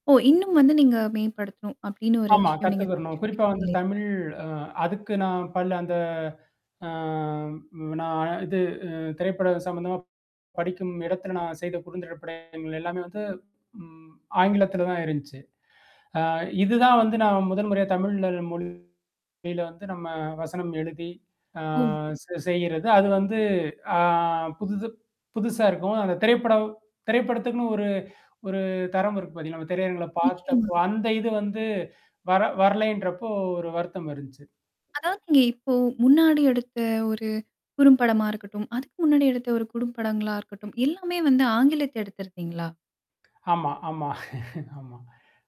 ஓ! இன்னும் வந்து நீங்க மேம்படுத்தணும். அப்டின்னு ஒரு ஆமா விஷயம் நீங்க கத்துக்கிறணும். குறிப்பா தெரிஞ்சிருப்பீங்க வந்து இல்லையா? தமிழ் அ அதுக்கு நான் பல அந்த ஆ நான் இது அ திரைப்பட சம்மந்தமா படிக்கும் இடத்துல நான் செய்த குறுந்திரப்படங்கள் எல்லாமே வந்து ம் ஆங்கிலத்தில தான் இருந்துச்சு. அ இதுதான் வந்து நான் முதன் முறையா தமிழ்ல மொழில வந்து நம்ம வசனம் எழுதி. ஆ ஓ. ச செய்கிறது. அது வந்து ஆ புதுது புதுசா இருக்கும். அந்த திரைப்படம் திரைப்படத்துக்குன்னு ஒரு ஒரு தரம் இருக்கு பாார்த்தீங்களா, நம்ம திரையரங்கள நிச்சயமா. பார்த்தப்போ, அந்த இது வந்து வர வரலைன்றப்போ ஒரு வருத்தம் இருந்துச்சு. அதாவதுங்க இப்போ முன்னாடி எடுத்த ஒரு குறும்படமா இருக்கட்டும், அதுக்கு முன்னாடி எடுத்த ஒரு குறும்படங்களா இருக்கட்டும். எல்லாமே வந்து ஆங்கிலத்துல எடுத்திருக்கீங்களா? ஆமா, ஆமா ஆமா.